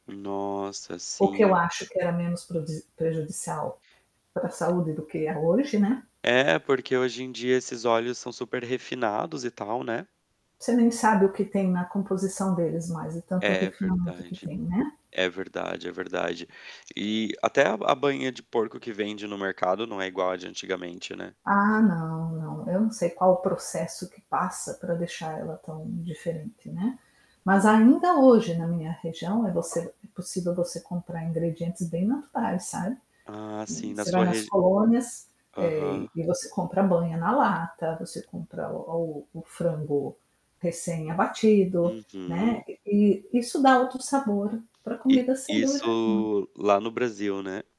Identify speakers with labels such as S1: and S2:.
S1: Nossa,
S2: O que eu
S1: sim.
S2: acho que era menos prodis prejudicial para saúde do que é hoje, né.
S1: É, porque hoje em dia esses óleos são super refinados e tal, né.
S2: Você nem sabe o que tem na composição deles mais, é tanto o
S1: É
S2: refinamento que
S1: verdade,
S2: tem, né.
S1: é verdade, é verdade. E até a a banha de porco que vende no mercado não é igual a de antigamente, né.
S2: Ah, não, não, eu não sei qual o processo que passa para deixar ela tão diferente, né,
S1: Hum.
S2: mas ainda hoje, na minha região, eh, você é possível você comprar ingredientes bem naturais, sabe,
S1: Ah, sim, na
S2: você vai
S1: sua
S2: nas
S1: regi
S2: colônias, eh,
S1: Aham.
S2: e você compra banha na lata, você compra o o frango recém abatido, né,
S1: Uhum.
S2: e e isso dá outro sabor para
S1: E
S2: comida, sem dúvida nenhuma.
S1: isso lá no Brasil, né?